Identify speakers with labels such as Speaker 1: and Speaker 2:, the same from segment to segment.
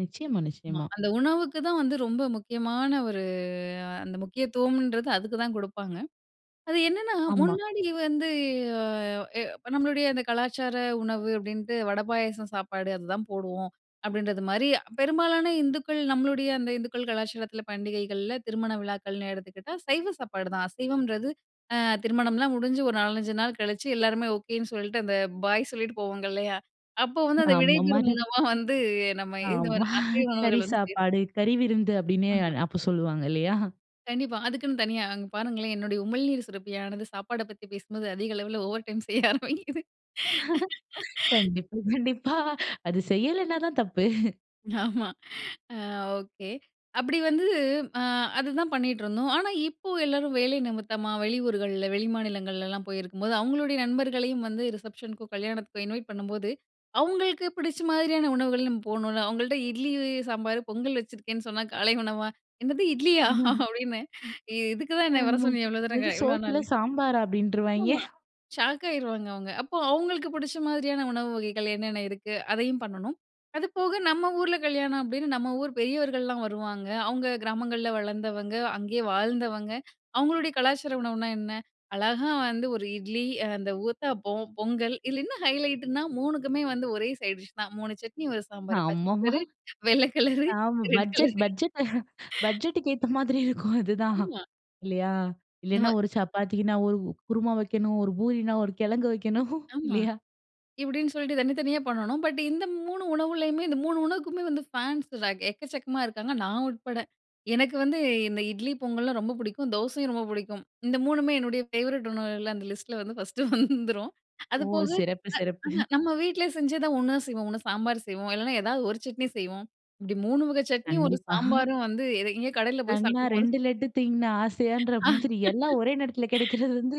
Speaker 1: நிச்சயமா,
Speaker 2: ஆமா.
Speaker 1: நிச்சயமா.
Speaker 2: அந்த உணவுக்கு தான் வந்து ரொம்ப முக்கியமான ஒரு, அந்த முக்கியத்துவம்ன்றது அதுக்கு தான் குடுப்பாங்க. அது என்னன்னா,
Speaker 1: ஆமா.
Speaker 2: முன்னாடி வந்து எ நம்ளுடைய அந்த கலாச்சார உணவு அப்டின்ட்டு வட, பாயாசம், சாப்பாடு அதுதான் போடுவோம். அப்டின்றது மாரி பெரும்பாலான இந்துக்கள் நம்ளுடைய அந்த இந்துக்கள் கலாச்சாரத்தில, பண்டிகைகள்ல, திருமண விழாக்கள்னு எடுத்துக்கிட்டா, சைவ சாப்பாடு தான். அசைவம்ன்றது அ திருமணம்லாம் முடிஞ்சு, ஒரு 4, 5 நாள் கழிச்சு, எல்லாருமே ஓகேன்னு சொல்லிட்டு அந்த பாய் சொல்ட்டு போவாங்க இல்லையா, அப்போ வந்து அந்த
Speaker 1: ஆமா,
Speaker 2: விடைபெறும்
Speaker 1: மறு
Speaker 2: உணவா வந்து நம்ம இது
Speaker 1: ஆமா.
Speaker 2: அசைவ
Speaker 1: கறி
Speaker 2: உணவுகள் வந்து. சேர்
Speaker 1: சாப்பாடு, கறி விருந்து அப்டின்னு
Speaker 2: ஆமா.
Speaker 1: அப்ப சொல்வாங்க இல்லையா?
Speaker 2: கண்டிப்பா. அதுக்குன்னு தனியா அங்க பாருங்களேன், என்னுடைய உமிழ்நீர் சுரப்பியானது சாப்பாட பத்தி பேசும்போது அதிக அளவுல ஓவர் டைம் செய்ய ஆரம்பிக்குது.
Speaker 1: கண்டிப்பா, கண்டிப்பா. அது செய்யலைன்னா தான் தப்பு.
Speaker 2: ஆமா. ஆ. ஓகே அப்டி வந்து ஆ அதுதான் பண்ணிட்டுருந்தோம். ஆனா, இப்போ எல்லாரும் வேலை நிமித்தமா, வெளி ஊர்கள்ல, வெளிமாநிலங்கள்லலாம் போயிருக்கும்போது அவங்களுடைய நண்பர்களையும் வந்து ரிசப்ஷனுக்கும், கல்யாணத்துக்கும் இன்வைட் பண்ணும்போது. அவங்களுக்கு பிடிச்ச மாரியான உணவுகள் நம்ம போணுல. அவங்கள்ட்ட "இட்லி, சாம்பார், பொங்கல் வச்சிருக்கேன்னு" சொன்னா காலை உணவா, "என்னது இட்லியா!
Speaker 1: ம்.
Speaker 2: அப்டின்னு இதுக்கு தான் என்னய வர
Speaker 1: ஆமா.
Speaker 2: சொன்னியா? இவ்ளோ தூரம்,
Speaker 1: "என்னது
Speaker 2: க இவ்ளோ
Speaker 1: சோத்துல
Speaker 2: நாளு?"
Speaker 1: சாம்பாரரா!" அப்டின்றுவாங்ய.
Speaker 2: ஆமா. ஷாக் ஆயிருவாங்க அவங்க. அப்போ அவங்களுக்கு பிடிச்ச மாரியான உணவு வகைகள் என்னென்ன இருக்கு, அதையும் பண்ணணும். அது போக நம்ம ஊர்ல, கல்யாணம் அப்டின்னு நம்ம ஊர் பெரியவர்கள்லாம் வருவாங்க. அவங்க கிராமங்கள்ல வளந்தவங்க, அங்கயே வாழ்ந்தவங்க அவங்களுடைய கலாச்சார உணவுனா என்ன? அழகா வந்து ஒரு இட்லி, அந்த ஊத்தாப்பம், பொங்கல் இதுல என்ன ஹைலைட்டுனா 3 குமே வந்து ஒரே சைட் டிஷ் தான், மூணு சட்னி, ஒரு சாம்பார், பச்ச
Speaker 1: ஆமாமா.
Speaker 2: கலரு, வெள்ள கலரு,
Speaker 1: ஆ
Speaker 2: ரெட் கலரு.
Speaker 1: பட்ஜெட், பட்ஜெட், பட்ஜெட்டுக்கு ஏத்த மாதிரி இருக்கும் அதுதான்.
Speaker 2: ஆமா.
Speaker 1: இல்லையா? இல்லைனா,
Speaker 2: நம்ம
Speaker 1: ஒரு சப்பாத்திக்குன்னா ஒரு குருமா வைக்கணும், ஒரு பூரினா ஒரு கிழங்கு வைக்கணும்
Speaker 2: ஆமா.
Speaker 1: இல்லையா?
Speaker 2: இப்டின்னு சொல்ட்டு தனி தனியா பண்ணணும். பட் இந்த 3 உணவுலேயுமே, இந்த 3 உணவுக்குமே வந்து ஃபேன்ஸ் ர எக்கச்சக்கமா இருக்காங்க நான் உட்பட. எனக்கு வந்து இந்த இட்லி பொங்கல்லாம் ரொம்ப பிடிக்கும். தோசையும் ரொம்ப பிடிக்கும். இந்த 3 மே என்னுடைய ஃபேவரைட் உணவுகள் அந்த லிஸ்ட்ல வந்து ஃபர்ஸ்ட்டு வந்துரும்.
Speaker 1: ஓ!
Speaker 2: அது போக
Speaker 1: சிறப்பு சிறப்பு.
Speaker 2: அ நம்ம வீட்லயே செஞ்சுதான் ஒன்னா செய்வோம் ஒண்ணு சாம்பார் செய்வோம், இல்லைன்னா ஏதாவது ஒரு சட்னி செய்வோம். இப்டி 3 வகை சட்னியும் ஒரு
Speaker 1: கண்டிப்பா.
Speaker 2: சாம்பாரும் வந்து எ எங்கேயோ கடையில போய்
Speaker 1: "கண்ணா
Speaker 2: சாப்டும் போது
Speaker 1: 2 லட்டு தின்ன ஆசையான்ற?" மாதிரி எல்லாம் ஒரே நேரத்துல கிடைக்கிறது வந்து,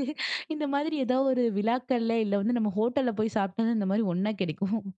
Speaker 1: இந்த மாரி ஏதாவது ஒரு விழாக்கள்ல இல்ல வந்து நம்ம ஹோட்டல்ல போய் சாப்பிட்டா தான் இந்த மாரி ஒன்னா கிடைக்கும்.